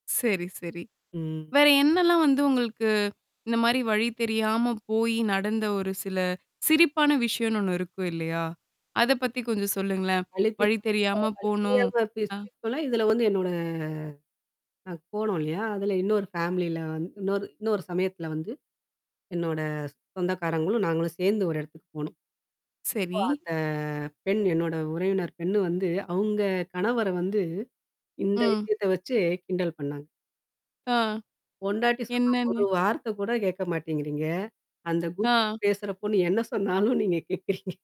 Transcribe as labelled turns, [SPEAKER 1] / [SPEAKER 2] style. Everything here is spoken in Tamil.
[SPEAKER 1] சரி, சரி.
[SPEAKER 2] ம்.
[SPEAKER 1] வேற என்னலாம் வந்து உங்களுக்கு? இந்தமாரி வழி தெரியாம போயி நடந்த ஒரு சில சிரிப்பான விஷயம்ன்னு ஒண்ணு இருக்கும் இல்லயா! அத பத்தி கொஞ்சம் சொல்லுங்களேன். வழி
[SPEAKER 2] அலைபேசில
[SPEAKER 1] தெரியாம
[SPEAKER 2] வழி
[SPEAKER 1] போனோம்
[SPEAKER 2] தெரியாம பேசி
[SPEAKER 1] ஆ.
[SPEAKER 2] [unintelligible] இதுல வந்து என்னோட அ போனோம் இல்லயா! அதுல இன்னொரு ஃபேமிலியில வந்து இன்னொரு இன்னொரு சமயத்தில வந்து, என்னோட சொந்தக்காரங்களும் நாங்களும் சேர்ந்து ஒரு இடத்துக்கு போனோம். அப்போ
[SPEAKER 1] சரி.
[SPEAKER 2] அந்த பெண் என்னோட உறவினர் பெண்ணு வந்து அங்க கணவர வந்து இந்த
[SPEAKER 1] ம்.
[SPEAKER 2] விஷயத்த வச்சு கிண்டல் பண்ணாங்க.
[SPEAKER 1] ஆ.
[SPEAKER 2] பொண்டாட்டி சொன்னா
[SPEAKER 1] என்னன்னு?
[SPEAKER 2] ஒரு வார்த்த கூட கேட்க மாட்டேங்கிறீங்க. அந்த கூகில்ல
[SPEAKER 1] ஆ.
[SPEAKER 2] பேசுறப் பொண்ணு என்ன சொன்னாலும் நீங்க கேட்கிறீங்க?